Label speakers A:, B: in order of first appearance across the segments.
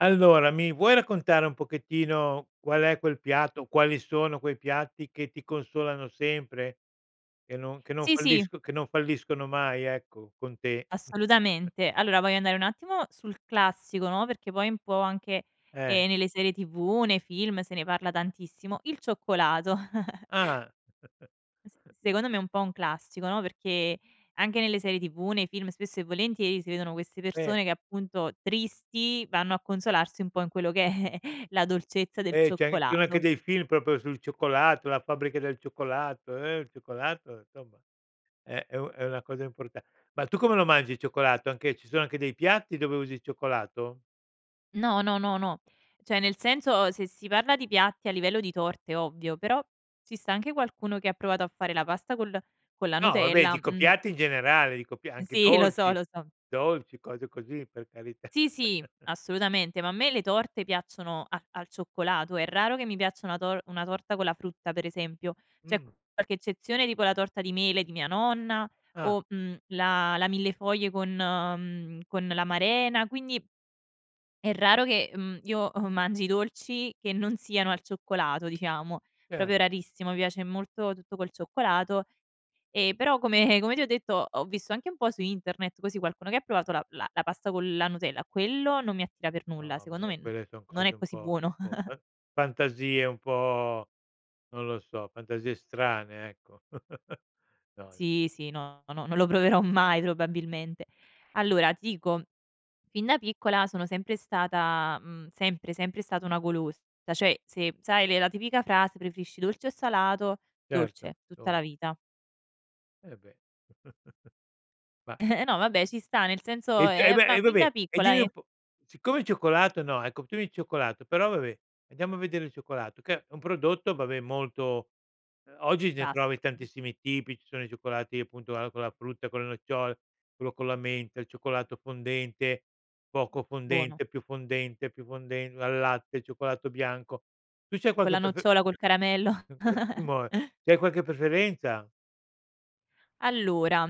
A: Allora, mi vuoi raccontare un pochettino qual è quel piatto, quali sono quei piatti che ti consolano sempre? Che non che non
B: Sì, sì.
A: fallisco che non falliscono mai ecco, con te?
B: Assolutamente. Allora voglio andare un attimo sul classico, no, perché poi un po' anche,
A: Eh.
B: ehm, nelle serie TV, nei film, se ne parla tantissimo: il cioccolato.
A: Ah!
B: S secondo me è un po' un classico, no, perché anche nelle serie TV, nei film, spesso e volentieri si vedono queste
A: Eh.
B: persone che appunto, tristi, vanno a consolarsi un po' in quello che è la dolcezza del
A: Eh, c'è ci sono anche
B: cioccolato.
A: dei film proprio sul cioccolato, "La fabbrica del cioccolato", eh, il cioccolato, insomma è è u è una cosa importa ma tu come lo mangi il cioccolato, anche ci sono anche dei piatti dove usi il cioccolato?
B: No, no, no, no. Cioè, nel senso, ehm, se si parla di piatti a livello di torte, ovvio, però ci sta anche qualcuno che ha provato a fare la pasta col con la
A: No vabbè,
B: Nutella,
A: dico
B: mh.
A: piatti in generale, dico pia anche
B: Sì, lo so,
A: dolci
B: lo so.
A: dolci, cose così, per carità.
B: Sì sì. Assolutamente. Ma a me le torte piacciono a al cioccolato. È raro che mi piaccia una tor una torta con la frutta per esempio. C'è
A: Mh.
B: qualche eccezione, tipo la torta di mele di mia nonna
A: Ah.
B: o, mhmm, la la millefoglie con mhmm, con l'amarena; quindi è raro che, mhmm, io, uhm, mangi i dolci che non siano al cioccolato diciamo,
A: Cer
B: proprio rarissimo. Mi piace molto tutto col cioccolato. E però come come ti ho detto, ho visto anche un po' su internet così, qualcuno che ha provato la la la pasta con la Nutella, quello non mi attira per nulla
A: No,
B: secondo me
A: vabbè
B: no
A: quelle son
B: non è
A: cose un
B: così
A: po' un
B: buono.
A: po' fan fantasie un po' non lo so, fantasie strane, ecco. No, no.
B: Sì, sì, no, no, no, non lo proverò mai probabilmente. Allora, ti dico, fin da piccola sono sempre stata, mhmm, sempre, sempre stata una golosa. Da cioè, se sai le la tipica frase "preferisci dolce o salato":
A: Certo.
B: dolce, tutta la
A: Dol
B: vita.
A: Eh beh. Ma
B: No vabbè, ci sta nel senso
A: I c eh
B: ehm,
A: beh,
B: ma
A: e
B: fin da
A: vabbè, e
B: piccola
A: dimmi un po' siccome il cioccolato no, ecco tu il cioccolato, però vabbè, andiamo a vedere il cioccolato che è un prodotto, vabbè molto ehm, oggi ne trovi
B: Vasto sì.
A: tantissimi tipi, ci sono i cioccolati appunto a con la frutta, con le nocciole, quello con la menta, il cioccolato fondente, poco
B: Buono.
A: fondente, più fondente, più fonden al latte, cioccolato bianco. Tu c'hai
B: Con
A: qualche
B: la
A: pref
B: nocciola, col caramello.
A: [unintelligible] c'hai qualche preferenza?
B: Allora,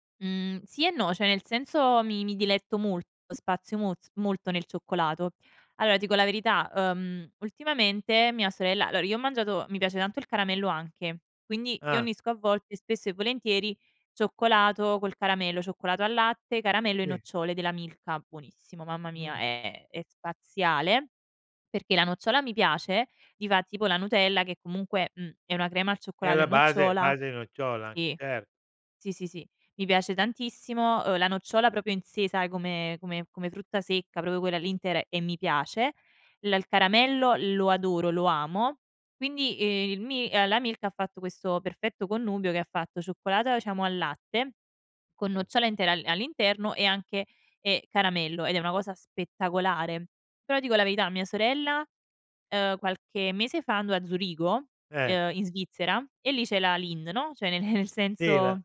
B: mhmm, sì e no, cioè nel senso mi mi diletto molto, spazio mol molto nel cioccolato. Allora, dico la verità: ehm, ultimamente mia sorella allora io ho mangiato mi piace tanto il caramello anche, quindi io
A: Ah.
B: unisco a volte, spesso e volentieri, cioccolato col caramello, cioccolato al latte, caramello e
A: Sì.
B: nocciole della Milka. Buonissimo, mamma mia,
A: Mh.
B: è è è spaziale. Perché la nocciola mi piace, ti fa tipo la Nutella che comunque, mhmm, è una crema al
A: È
B: cioccolato e
A: la base a
B: nocciola.
A: base nocciola,
B: Sì.
A: cer
B: Sì, sì, sì, mi piace tantissimo, ehm, la nocciola proprio in sè sai come come come frutta secca, proprio quella lì intera e mi piace. L il caramello lo adoro, lo amo. Quindi, ehm, il mi ehm, la Milka ha fatto questo perfetto connubio che ha fatto cioccolata diciamo al latte, con nocciole
A: [unintelligible]
B: intera a all'interno e anche, ehm, caramello, ed è una cosa spettacolare. Però dico la verità a mia sorella, ehm, qualche mese fa andò a Zurigo,
A: Eh.
B: ehm, in Svizzera e lì c'è la Lindt, no. Cioè, nel
A: Sì la
B: senso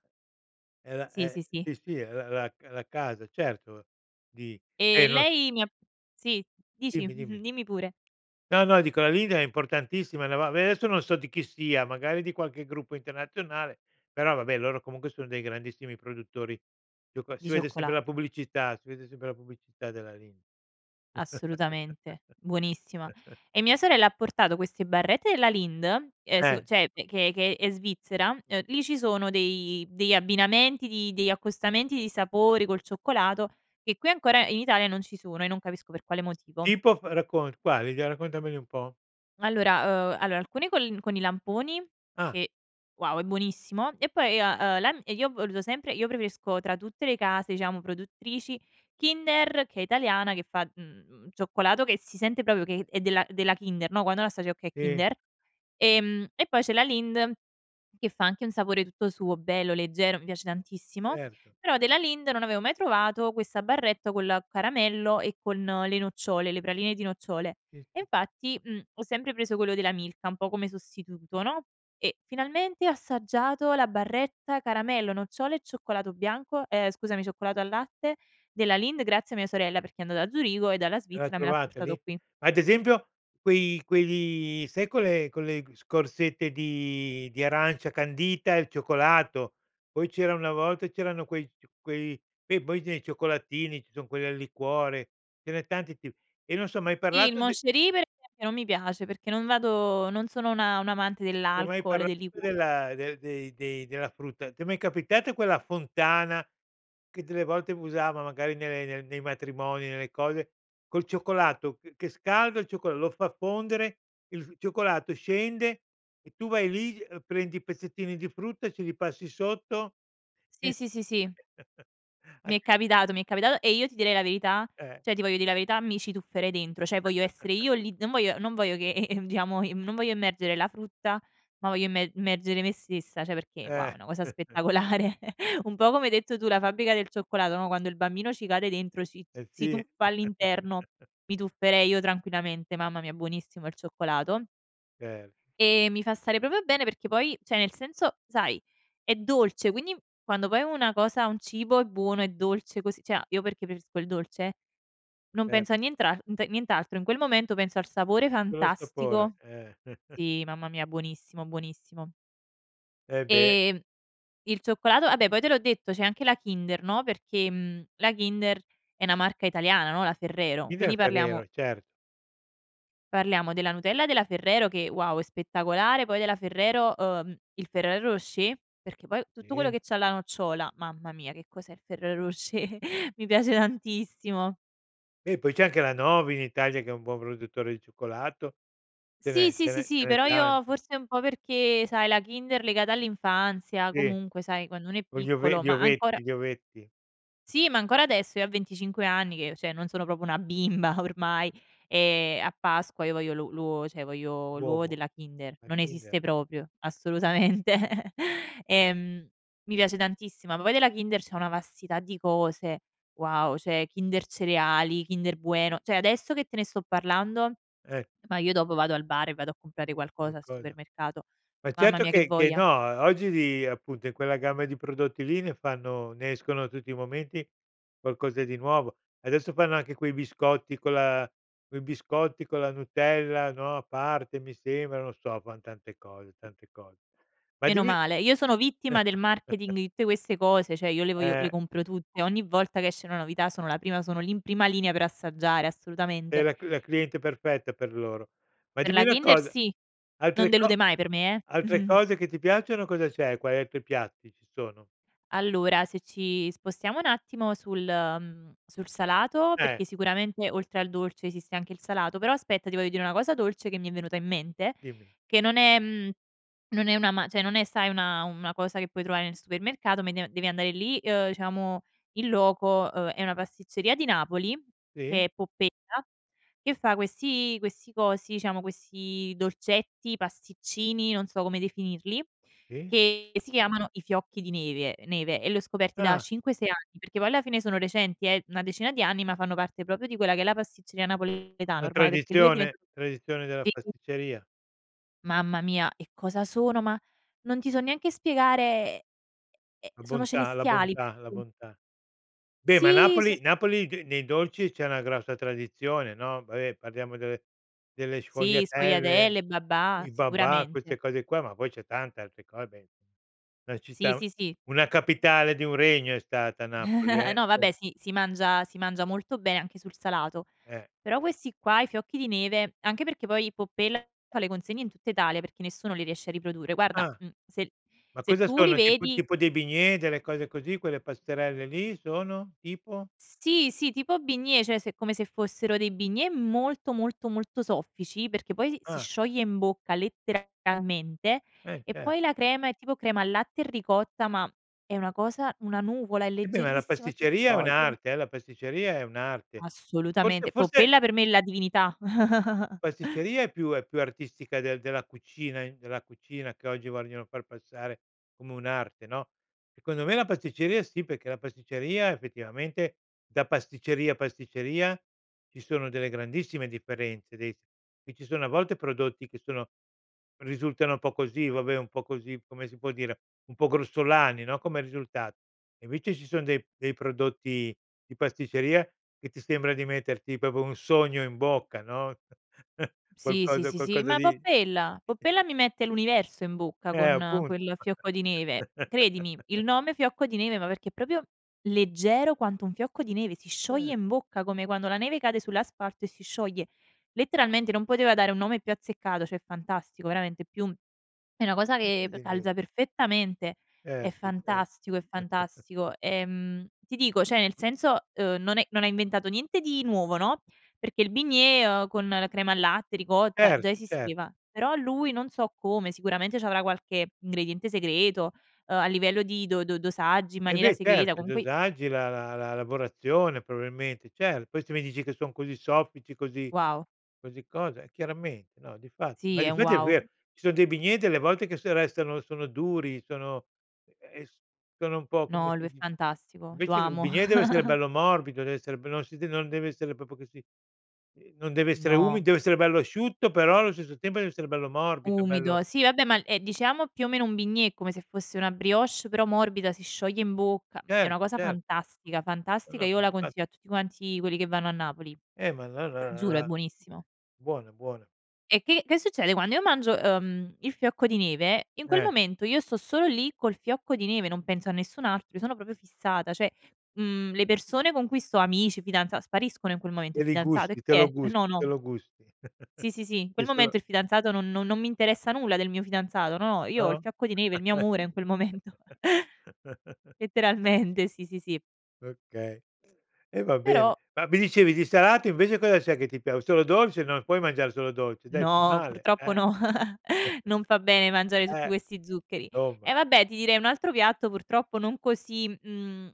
A: è la
B: Sì,
A: è
B: sì, sì.
A: sì, sì, la la c la casa, certo, di si,
B: E
A: no s
B: lei mi ha sì dici
A: Dimmi,
B: mh-mh,
A: dimmi.
B: dimmi pure.
A: No, no, dico la Lindt è importantissima no, va ve adesso, non so di chi sia, magari di qualche gruppo internazionale, però vabbè loro comunque sono dei grandissimi produttori, ciocoa
B: Di
A: si vede sempre la
B: cioccolato.
A: pubblicità, si vede sempre la pubblicità della Lindt.
B: Assolutamente, buonissima. E mia sorella ha portato queste barrette della Lindt, ehm, s
A: Eh.
B: cioè, che che è Svizzera. Ehm, lì ci sono dei degli abbinamenti di degli accostamenti di sapori col cioccolato che qui ancora in Italia non ci sono e non capisco per quale motivo.
A: Tipo, fe raccont quali, dai raccontameli un po'.
B: Allora ehm, allora alcuni col con i lamponi
A: Ah.
B: che, wow, è buonissimo; e poi io ho, ehm, la n e io ho voluto sempre io preferisco tra tutte le case diciamo produttrici Kinder, che è italiana che fa, mhmm, cioccolato che si sente proprio che è è della della Kinder, no. Quando la assaggi, "okay è
A: Sì.
B: Kinder". Ehm, e poi c'è la Lindt che fa anche un sapore tutto suo, bello, leggero, mi piace tantissimo.
A: Certo.
B: Però della Lindt non avevo mai trovato questa barretta col caramello e con le nocciole, le praline di nocciole.
A: Sì
B: E
A: sì sì.
B: infatti, mhmm, ho sempre preso quello della Milka, un po' come sostituto, no. E finalmente ho assaggiato la barretta caramello, nocciole e cioccolato bianco, ehm, scusami cioccolato al latte della Lindt grazie a mia sorella, perché è andato da Zurigo e dalla
A: E l'ha
B: Svizzera me l'ha
A: trovata
B: portato
A: lì?
B: qui.
A: Ad esempio, quei quegli sai quelle- quelle scorzette di di arancia candita e il cioccolato. Poi c'era una volta c'erano quei c quei poi quei cioccolatini, ci son quelli al liquore, ce n'è tanti ti e non so hai mai
B: Sì, il
A: parlato d
B: Moncherie perchè non mi piace, perché non vado non sono una un amante
A: Ti ho mai
B: dell'alcol e
A: parlato
B: del liquo
A: della del dei dei della frutta? Ti è mai capitato quella fontana, che delle volte usavano magari nelle nei nei matrimoni, nelle cose, col cioccolato che che scaldo il cioccol lo fa fondere, il cioccolato scende e tu vai lì, ehm, prendi pezzettini di frutta e ce li passi sotto.
B: Sì, sì, sì, sì. Mi è
A: [unintelligible]
B: capitato, mi è capitato, e io ti direi la verità
A: Eh.
B: cioè, ti voglio dire la verità: mi ci tufferei dentro. Cioè voglio essere io lì non voglio non voglio che diciamo in mhmm, non voglio immergere la frutta ma voglio immer immergere me stessa, cioè perché, wow,
A: Eh.
B: è una cosa spettacolare. Un po' come hai detto tu, la fabbrica del cioccolato no, quando il bambino ci cade dentro, ci
A: Eh
B: si
A: sì.
B: tuffa all'interno, mi tufferei io tranquillamente. Mamma mia, buonissimo il cioccolato.
A: Cer
B: Ehm, mi fa stare proprio bene perché poi cioè nel senso, sai è dolce quindi quando poi una cosa, un cibo è buono, è dolce così cioè a io perché preferisco il dolce non
A: Eh.
B: penso a nientrante nient'altro. In quel momento penso al sapore
A: Solo al sapore,
B: fantastico.
A: eh.
B: Sì, mamma mia, buonissimo, buonissimo.
A: Eh beh.
B: Ehm, il cioccolato vabbè poi te l'ho detto, c'è anche la Kinder no, perché, mhmm la Kinder è una marca italiana no, la Ferrero.
A: Kinder
B: Quindi
A: e
B: parliamo
A: Ferrero, cert
B: parliamo della Nutella della Ferrero che, wow, è spettacolare. Poi della Ferrero, uhm, il Ferrero Rocher, perché poi tutto quello
A: Sì.
B: che c'ha la nocciola, mamma mia, che cos'è il Ferrero Rocher, mi piace tantissimo!
A: Beh poi c'è anche la Novi in Italia che è un buon produttore di cioccolato. Ce
B: Sì,
A: n'è
B: sì,
A: ce
B: sì,
A: n'è ce
B: sì,
A: n'è
B: però io
A: tante.
B: forse un po' perché sai, la Kinder legata all'infanzia,
A: Sì,
B: comunque sai, quando uno è
A: con gli ove
B: piccolo,
A: gli
B: ma ancora
A: ovetti, gli ovetti.
B: Sì, ma ancora adesso io a 25 anni che cioè, non sono proprio una bimba ormai, ehm, a Pasqua io voglio lu l'uovo, cioè voglio l'uovo
A: Uovo,
B: della Kinder.
A: la
B: Non
A: Kinder.
B: esiste proprio. Assolutamente. Ehm, mi piace tantissimo, ma poi della Kinder c'è una vastità di cose: wow, cioè Kinder Cereali, Kinder Bueno; cioè, adesso che te ne sto parlando
A: Eh.
B: ma io dopo vado al bar e vado a comprare qualcosa al
A: Qualcosa.
B: supermercato,
A: Ma
B: mamma
A: certo
B: mia che
A: che che no,
B: voglia.
A: o oggi di appunto in quella gamma di prodotti lì ne fanno ne escono tutti i momenti qualcosa di nuovo. Adesso fanno anche quei biscotti con la quei biscotti con la Nutella no, a parte mi sembra, non so, fan tante cose, tante cose. Ma
B: Meno
A: dimmi
B: male, io sono vittima del marketing di tutte queste cose. Cioè, io le voglio le
A: Eh.
B: compro tutte, ogni volta che esce una novità sono la prima, sono lì in prima linea per assaggiare,
A: Sei
B: assolutamente.
A: la cl la cliente perfetta per loro. Ma
B: Per
A: dimmi
B: la
A: una
B: Kinder
A: cosa.
B: sì. Non
A: Altre co
B: delude mai per me, eh.
A: altre cose che ti piacciono, cosa c'è quali altri piatti ci sono?
B: Allora, se ci spostiamo un attimo sul ehm, sul salato
A: Eh.
B: perché, sicuramente oltre al dolce esiste anche il salato, però aspetta ti voglio dire una cosa dolce che mi è venuta in mente,
A: Dimmi.
B: che non è mhmm, non è una ma cioè non è sai una una cosa che puoi trovare nel supermercato ma de devi andare lì, ehm, diciamo in loco: ehm, è una pasticceria di Napoli, che
A: Sì.
B: è Poppella e che fa questi questi cosi, diciamo questi dolcetti, pasticcini, non so come definirli
A: Sì.
B: che si chiamano i fiocchi di neve neve e li ho scoperti da
A: Ah.
B: 5, 6 anni, perché poi alla fine sono recenti, è una decina di anni ma fanno parte proprio di quella che è la pasticceria napoletana
A: Una
B: ormai perché lui è diventa
A: tradizione tradizione della
B: [unintelligible]
A: pasticceria.
B: Mamma mia e cosa sono! Ma non ti so neanche spiegare, ehm ehm,
A: La
B: sono
A: bontà, la
B: celestiali!
A: bontà, la
B: [unintelligible]
A: bontà. Beh, ma
B: Sì, son
A: Napoli napoli ghe nei dolci c'è una grossa tradizione, no. Vabbè parliamo delle delle
B: Sì
A: sfogliatelle,
B: sfogliatelle, babà,
A: i babà,
B: sicuramente.
A: queste cose qua ma poi c'è tanta altre cose, beh ci
B: Sì
A: sta.
B: sì sì.
A: Una capitale di un regno è stata Napoli eh.
B: No vabbè,
A: Insom
B: si si mangia si mangia molto be anche sul salato.
A: Eh.
B: Però questi qua, i fiocchi di neve anche perché poi Poppella fa le consegne in tutta Italia, perché nessuno li riesce a riprodurre; guarda,
A: Ah.
B: mhmm, se
A: Ma
B: se
A: cosa
B: tu li
A: sono tipo
B: vedi
A: tipo dei bignè, delle cose così, quelle pasterelle lì sono? Tipo?
B: Sì, sì, tipo bignè, cioè se è come se fossero dei bignè molto, molto, molto soffici, perché poi si si
A: Ah.
B: scioglie in bocca letteralmente
A: Eh
B: e
A: cer
B: poi la crema è tipo crema al latte e ricotta, ma è una cosa, una nuvola, è
A: E beh ma la
B: leggerissima, si
A: pasticceria è
B: scioglie.
A: un'arte eh, la pasticceria è un'arte. Forse,
B: Assolutamente.
A: forse
B: Poppella per me è la divinità.
A: pasticceria è più è più artistica del della cucina in della cucina che oggi vogliono far passare come un'arte, no. Secondo me la pasticceria sì, perché la pasticceria effettivamente, da pasticceria pasticceria, ci sono delle grandissime differenze dei s qui ci sono a volte prodotti che sono risultano un po' così, vabbè un po' così, come si può dire, un po' grossolani, no, come risulta e invece ci son dei dei prodotti di pasticceria che ti sembra di metterti proprio un sogno in bocca, no.
B: Sì, sì,
A: Qualcosa
B: sì,
A: qualcosa
B: ma
A: di
B: Poppella
A: di e
B: Poppella mi mette l'universo in bocca
A: Eh
B: con
A: appunto.
B: quel fiocco di neve, credimi. Il nome fiocco di neve ma perché proprio leggero quanto un fiocco di neve. Si
A: Ce
B: scioglie in bocca come quando la neve cade sull'asfalto e si scioglie, letteralmente non poteva dare un nome più azzeccato, cioè fantastico veramente più è una cosa che p
A: [unintelligible]
B: calza perfettamente, è
A: Certo, cer
B: fantastico, è fantastico. Ehm, ti dico, cioè nel senso, uhm, non è non ha inventato niente di nuovo, no, perché il bignè, ehm, con la crema al latte, ricotta
A: Cer
B: già
A: cer
B: esisteva. Però lui, non so come, sicuramente c'avrà qualche ingrediente segreto, ehm, a livello di do do dosaggi in
A: Eh
B: maniera
A: beh
B: segreta,
A: certo, i
B: comunque
A: dosaggi, la la la lavorazione probabilmente, certo. Questi mi dici che son così soffici, così
B: Wow.
A: così cosa, eh chiaramente no di fa
B: Sì
A: ma di
B: è
A: fatti è vero:
B: wow.
A: ci son dei bignè delle volte che se restano sono duri, sono ehm, sono un po' come
B: No, lui
A: si
B: è
A: di
B: fantastico. Lo
A: invece il
B: amo.
A: bignè deve essere bello morbido, deve essere be non si de non deve essere proprio che si ehm, non deve essere umido,
B: No.
A: deve essere bello asciutto però allo stesso tempo deve essere bello morbido, bello
B: Umido. Si vabbè, ma è diciamo più o meno un bignè, come se fosse una brioche però morbida, si scioglie in bocca, è una
A: Certo,
B: cosa
A: cer
B: fantastica
A: No,
B: fantastica,
A: no, ma
B: io la
A: infa
B: consiglio a tutti quanti quelli che vanno a Napoli.
A: Eh ma la la la
B: Giuro, è
A: la
B: buonissimo
A: buona, è buona.
B: E che che succede quando io mangio, ehm, il fiocco di neve: in quel
A: Eh.
B: momento io sto solo lì col fiocco di neve, non penso a nessun altro, io sono proprio fissata, cioè, mhmm, le persone con cui sto amici, fidanza spariscono in quel momento.
A: Te
B: Il
A: li
B: fidanzato? E
A: gusti, te
B: chi
A: lo
B: è?
A: gus
B: No,
A: te
B: no.
A: lo gusti.
B: Sì, sì, sì, in
A: Sì
B: quel
A: solo
B: momento il fidanzato non no non mi interessa nulla del mio fidanzato, no. Io ho il
A: No?
B: fiocco di neve, il mio amore in quel momento. Letteralmente, sì, sì, sì.
A: Okay. E va bene,
B: Però
A: ma mi dicevi di salato invece cosa c'è che ti pia solo dolce, non puoi mangiare solo dolce dai, fa
B: No,
A: male,
B: purtroppo
A: eh.
B: no. Non fa bene mangiare tutti
A: Eh,
B: questi zuccheri. E
A: somma.
B: vabbè ti direi un altro piatto, purtroppo non così, mhmm,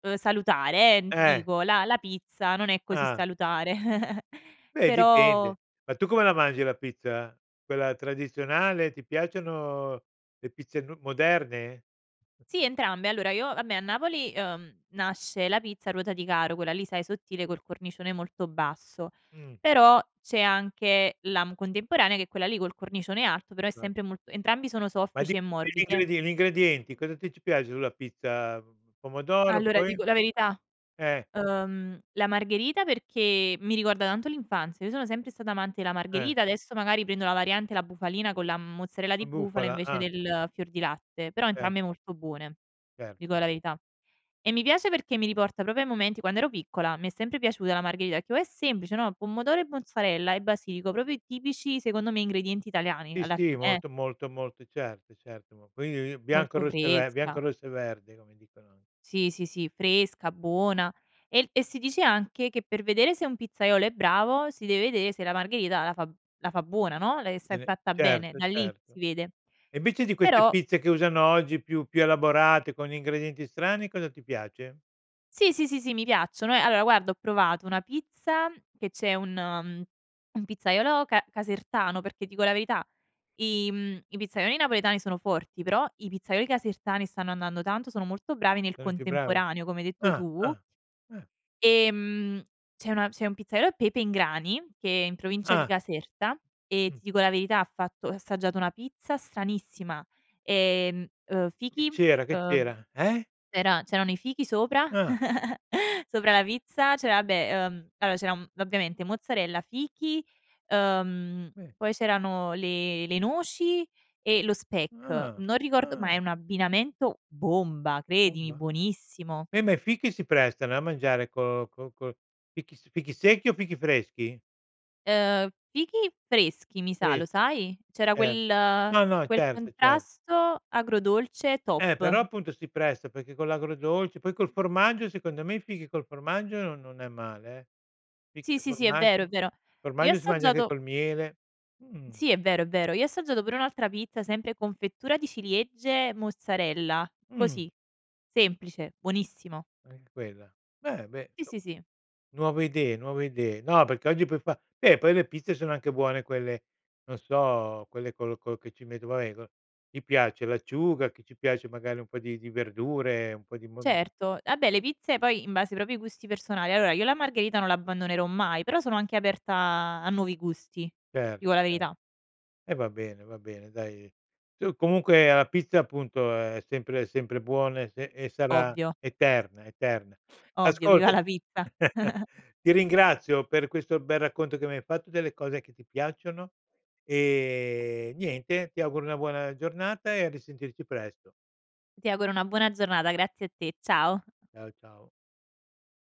B: ehm, salutare eh, mhmm, ti
A: Eh.
B: dico la la pizza non è così
A: Ah.
B: salutare.
A: Beh
B: Però
A: dipende. Ma tu come la mangi la pizza? Quella tradizionale, ti piacciono le pizze n moderne?
B: Sì entrambe, allora io vabbè a Napoli, ehm, nasce la pizza ruota di caro, quella lì sai sottile, col cornicione molto basso.
A: Mh.
B: Però c'è anche la, mhmm, contemporanea, che è quella lì col cornicione alto però è
A: [unintelligible]
B: sempre mol entrambi sono
A: Ma di
B: soffici e
A: gli gli
B: morbide.
A: ingredie gli ingredienti, cosa ti ci piace sulla pizza, mhmm, pomodoro
B: Allora, ti
A: poi?
B: dico la verità:
A: Eh.
B: ehm, la Margherita perché mi ricorda tanto l'infanzia. Io sono sempre stata amante della
A: Eh.
B: Margherita, adesso magari prendo la variante, la bufalina con la mozzarella
A: La
B: di bufala
A: bufala,
B: invece
A: ah.
B: del fior di latte, però
A: Ce
B: entrambe molto buone. Ti dico
A: Certo.
B: la verità. E mi piace perché mi riporta proprio ai momenti quando ero piccola, mi è sempre piaciuta la margherita e che però è semplice, no. Pomodoro e mozzarella e basilico, proprio i tipici secondo me ingredienti italiani
A: Sì,
B: alla
A: sì,
B: fine, eh.
A: molto, molto, molto certo, certo. Ma quindi bianco,
B: Molto
A: rosse e ve bianco,
B: fresca.
A: rosse e verdi, come dicono a
B: Sì, sì, sì fresca, buona. El e si dice anche che per vedere se un pizzaiolo è bravo, si deve vedè se la margherita la fa la fa buona, no. Lei se è
A: Bene.
B: fatta bene.
A: Certo,
B: Da lì
A: certo.
B: si vede.
A: E invece di queste
B: Però
A: pizze che usano oggi più più elaborate, con gli ingredienti strani, cosa ti piace?
B: Sì, sì, sì, sì, mi piacciono eh, allora guarda ho provato una pizza che c'è un mhmm, un pizzaiolo ca casertano perché dico la verità i mhmm, i pizzaioli napoletani sono forti, però i pizzaioli casertani stanno andando tanto, sono molto bravi nel
A: Sono i più bravi?
B: contemporaneo, come hai detto
A: Ah,
B: tu.
A: ah, ah.
B: Ehm, c'è una c'è un pizzaiolo, Pepe in grani, che è in provincia di
A: Ah.
B: Caserta, e
A: Mh.
B: ti dico la verità ha fatto ho assaggiato una pizza stranissima. Ehm, uhm,
A: Che
B: fichi,
A: c'era, che
B: ehm,
A: c'era? Eh?
B: c'era c'erano i fichi sopra,
A: Ah.
B: sopra la pizza, c'era vabbè ehm, allora c'era, mhmm, ovviamente mozzarella, fichi, ehm,
A: Eh.
B: poi c'erano le le noci e lo speck.
A: Ah,
B: Non ricordo ma è
A: ah.
B: un abbinamento bomba, credimi
A: Bomba.
B: buonissimo.
A: Eh, ma i fichi si prestano eh, a mangiare col col col fichi s fichi secchi o fichi freschi?
B: Ehm, fichi freschi mi sa, lo
A: Freschi.
B: sai. C'era
A: Cer
B: quel
A: no, no,
B: quel
A: certo, cer
B: contrasto agrodolce
A: Eh, però
B: top.
A: appunto si presta, perché con l'agrodolce, poi col formaggio, secondo me i fichi col formaggio non non è male, eh. Fichi
B: Sì,
A: e
B: sì, sì, è vero, è
A: formaggio.
B: vero. Io ho
A: Formaggio si mangia anche
B: assaggiato
A: col miele. Mh.
B: Sì, è vero, è vero, io ho assaggiato pure un'altra pizza, sempre confettura di ciliegie, mozzarella.
A: Mh.
B: Così, semplice, buonissimo.
A: Anche quella. Beh, beh,
B: Sì sì
A: insomma;
B: sì.
A: nuove idee, nuove idee. No, perché oggi puoi fa beh, poi le pizze sono anche buone quelle non so, quelle col col che ci metto vabbè co gli piace l'acciuga, che ci piace magari un po' di di verdure, un po' di mon
B: Certo, vabbè le pizze poi in base ai propri gusti personali. Allora, io la Margherita non l'abbandonerò mai però sono anche aperta a nuovi gusti, ti
A: Certo,
B: dico la
A: cer
B: verità.
A: e va bene, va bene dai. Tu comunque la pizza appunto, è sempre è sempre buona e se e sarà
B: Ovvio.
A: eterna, eterna.
B: Ovvio, viva
A: Ascolta
B: la pizza.
A: ti ringrazio per questo bel racconto che mi hai fatto delle cose che ti piacciono, e niente ti auguro una buona giornata e a risentirci presto.
B: Ti auguro una buona giornata. Grazie a te. Ciao.
A: Ciao, ciao.